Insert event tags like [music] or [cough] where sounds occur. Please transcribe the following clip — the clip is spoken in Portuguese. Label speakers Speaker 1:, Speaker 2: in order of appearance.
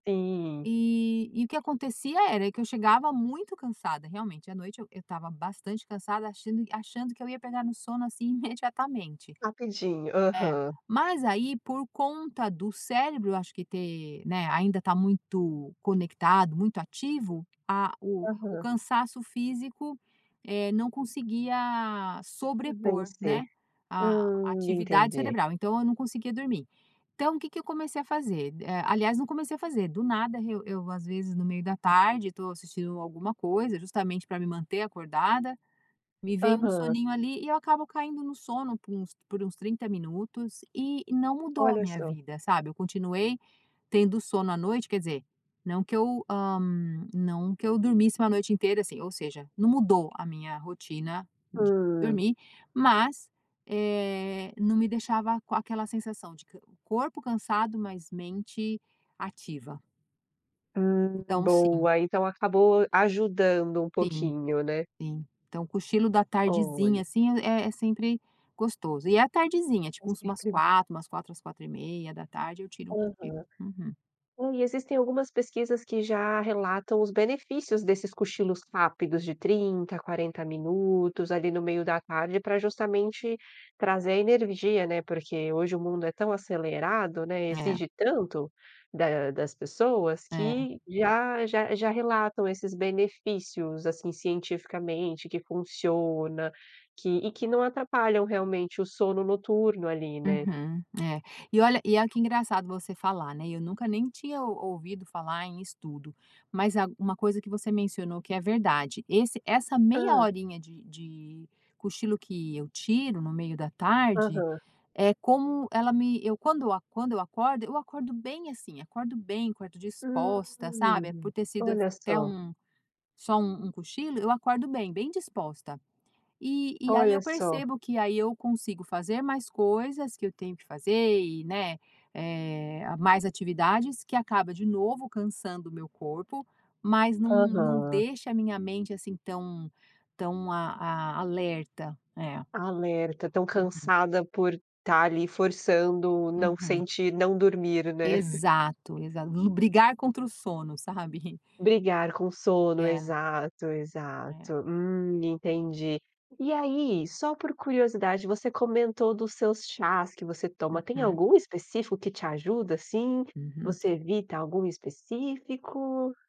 Speaker 1: Sim.
Speaker 2: Eh, e o que acontecia era que eu chegava muito cansada, realmente, à noite eu eu estava bastante cansada, achando achando que eu ia pegar no sono, assim, imediatamente.
Speaker 1: Rapidinho,
Speaker 2: É,
Speaker 1: aham.
Speaker 2: mas aí, por conta do cérebro, acho que ter, né, ainda tá muito conectado, muito ativo, ah, o o
Speaker 1: Aham.
Speaker 2: cansaço físico, eh, não conseguia sobrepor,
Speaker 1: Vencer.
Speaker 2: né, a
Speaker 1: Hum,
Speaker 2: atividade
Speaker 1: entendi.
Speaker 2: cerebral. Então, eu não conseguia dormir. Então, o que que eu comecei a fazer? Eh aliás não comecei a fazer, do nada, eu eu, às vezes no meio da tarde, estou assistindo alguma coisa justamente pra me manter acordada, me vem um
Speaker 1: Aham.
Speaker 2: soninho ali e eu acabo caindo no sono por uns por uns 30 minutos e e não mudou a
Speaker 1: Olha
Speaker 2: minha
Speaker 1: só.
Speaker 2: vida, sabe. Eu continuei tendo sono à noite, quer dizer, não que eu, ah, não que eu dormisse 1 noite inteira, assim, ou seja, não mudou a minha rotina de
Speaker 1: Hum.
Speaker 2: dormir, mas, eh, não me deixava com aquela sensação de corpo cansado, mas mente ativa.
Speaker 1: Hum.
Speaker 2: Então, sim.
Speaker 1: Boa, então acabou ajudando um
Speaker 2: Sim,
Speaker 1: pouquinho, né.
Speaker 2: sim. Então, o cochilo da
Speaker 1: Olha.
Speaker 2: tardezinha, assim, é é sempre gostoso. E é a tardezinha,
Speaker 1: Com
Speaker 2: tipo umas
Speaker 1: certeza.
Speaker 2: 16h, umas 16h às 16:30h, eu tiro um
Speaker 1: Aham.
Speaker 2: cochilo, uhum.
Speaker 1: Hum, e existem algumas pesquisas que já relatam os benefícios desses cochilos rápidos, de 30 a 40 minutos ali no meio da tarde, para justamente trazer a energia, né, porque hoje o mundo é tão acelerado, né, e
Speaker 2: É.
Speaker 1: exige tanto da das pessoas
Speaker 2: É.
Speaker 1: que já já já relatam esses benefícios, assim, cientificamente que funciona que e que não atrapalham, realmente, o sono noturno ali, né.
Speaker 2: Uhum, é. E olha e olha que engraçado você falar, né, eu nunca nem tinha ou ouvido falar em estudo, mas, ah uma coisa que você mencionou que é verdade, esse essa meia
Speaker 1: Hã.
Speaker 2: horinha de de cochilo que eu tiro no meio da tarde,
Speaker 1: Aham.
Speaker 2: é como, ela me eu quando quando eu acordo, eu acordo bem assim, acordo bem, acordo
Speaker 1: Hum.
Speaker 2: disposta, sabe, por ter sido assi
Speaker 1: Olha
Speaker 2: até
Speaker 1: só.
Speaker 2: um, só um cochilo, eu acordo bem, bem disposta. Eh, e aí, eu
Speaker 1: Olha só.
Speaker 2: percebo que aí eu consigo fazer mais coisas, que eu tenho que fazer, e, né, eh, ah, mais atividades que acaba, de novo cansando o meu corpo, mas não não
Speaker 1: Aham.
Speaker 2: deixa a minha mente, assim, tão tão a a alerta, é.
Speaker 1: Alerta, tão
Speaker 2: Uhum.
Speaker 1: cansada por estar ali, forçando não
Speaker 2: Uhum.
Speaker 1: sentir não dormir, né. [chuckles]
Speaker 2: Exato, exato. Lu brigar contra o sono, sabe. [chuckles]
Speaker 1: Brigar com sono,
Speaker 2: É.
Speaker 1: exato,
Speaker 2: É.
Speaker 1: exato. Hum, entendi. E aí, só por curiosidade, você comentou dos seus chás que você toma, tem
Speaker 2: Uhum.
Speaker 1: algum específico que te ajuda, assim?
Speaker 2: Uhum.
Speaker 1: Você evita algum específico?